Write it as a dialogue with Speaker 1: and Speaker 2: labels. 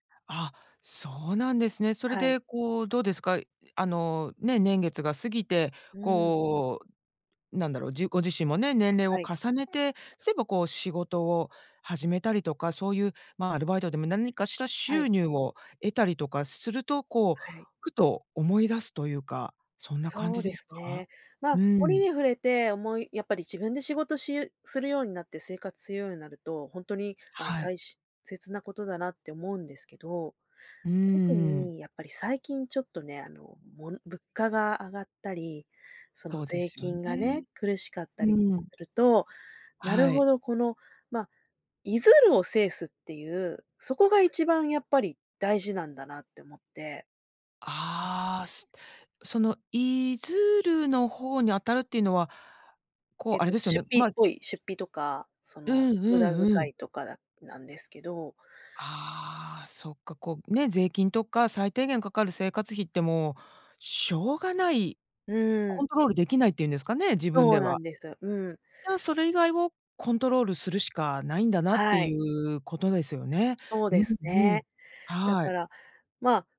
Speaker 1: あ。そうなんですね。それ
Speaker 2: はい。
Speaker 1: でこう、どうですか？あの、ね、年月が過ぎて、
Speaker 2: うん。
Speaker 1: こう、なんだろう、じご自身もね、年齢
Speaker 2: は
Speaker 1: を
Speaker 2: い。
Speaker 1: 重ねて、例えばこう、仕事を始めたりとか、そういうまあ、アルバイトでも何かしら
Speaker 2: は
Speaker 1: 収
Speaker 2: い。
Speaker 1: 入を得たりとかすると、こう、
Speaker 2: はい。
Speaker 1: ふと思い出すというか、そんな感
Speaker 2: そう
Speaker 1: じで
Speaker 2: で
Speaker 1: す
Speaker 2: す
Speaker 1: か？
Speaker 2: ね。まあ
Speaker 1: う
Speaker 2: 折
Speaker 1: ん。
Speaker 2: に触れて、思いやっぱり自分で仕事しゆするようになって生活するようになると、ほんとに、ああ、
Speaker 1: は
Speaker 2: た
Speaker 1: い。
Speaker 2: いし切なことだなって思うんですけど。
Speaker 1: うー
Speaker 2: 特
Speaker 1: ん。
Speaker 2: にやっぱり最近ちょっとね、あの、も物価が上がったり、その
Speaker 1: そうで
Speaker 2: 税
Speaker 1: すよね。
Speaker 2: 金がね、苦しかったり
Speaker 1: う
Speaker 2: と
Speaker 1: ん。
Speaker 2: かすると、なる
Speaker 1: はい。
Speaker 2: ほど、このま、出づるを制すっていう、そこが一番やっぱり大事なんだなって思って。
Speaker 1: ああ、すその出づるの方に当たるっていうのは、こう
Speaker 2: え
Speaker 1: あれ
Speaker 2: と、
Speaker 1: ですよ
Speaker 2: 出
Speaker 1: ね。
Speaker 2: 費
Speaker 1: ま
Speaker 2: っ
Speaker 1: あ
Speaker 2: ぽい、出費とか、そ
Speaker 1: う
Speaker 2: の
Speaker 1: んう
Speaker 2: 無駄
Speaker 1: んう
Speaker 2: 遣
Speaker 1: ん。
Speaker 2: いとかなんですけど。
Speaker 1: ああ、そっか、こうね、税金とか最低限かかる生活費ってもう、しょうがない、
Speaker 2: う
Speaker 1: コ
Speaker 2: ん。
Speaker 1: ントロールできないっていうんですかね、自分
Speaker 2: そ
Speaker 1: で
Speaker 2: うな
Speaker 1: は。
Speaker 2: んです、うん。
Speaker 1: じゃあ、それ以外をコントロールするしかないんだなって
Speaker 2: は
Speaker 1: い
Speaker 2: い。
Speaker 1: う、ことですよね。
Speaker 2: そう
Speaker 1: う
Speaker 2: で
Speaker 1: ん
Speaker 2: す
Speaker 1: うん。
Speaker 2: ね。だ
Speaker 1: は
Speaker 2: か
Speaker 1: い。
Speaker 2: ら、まあ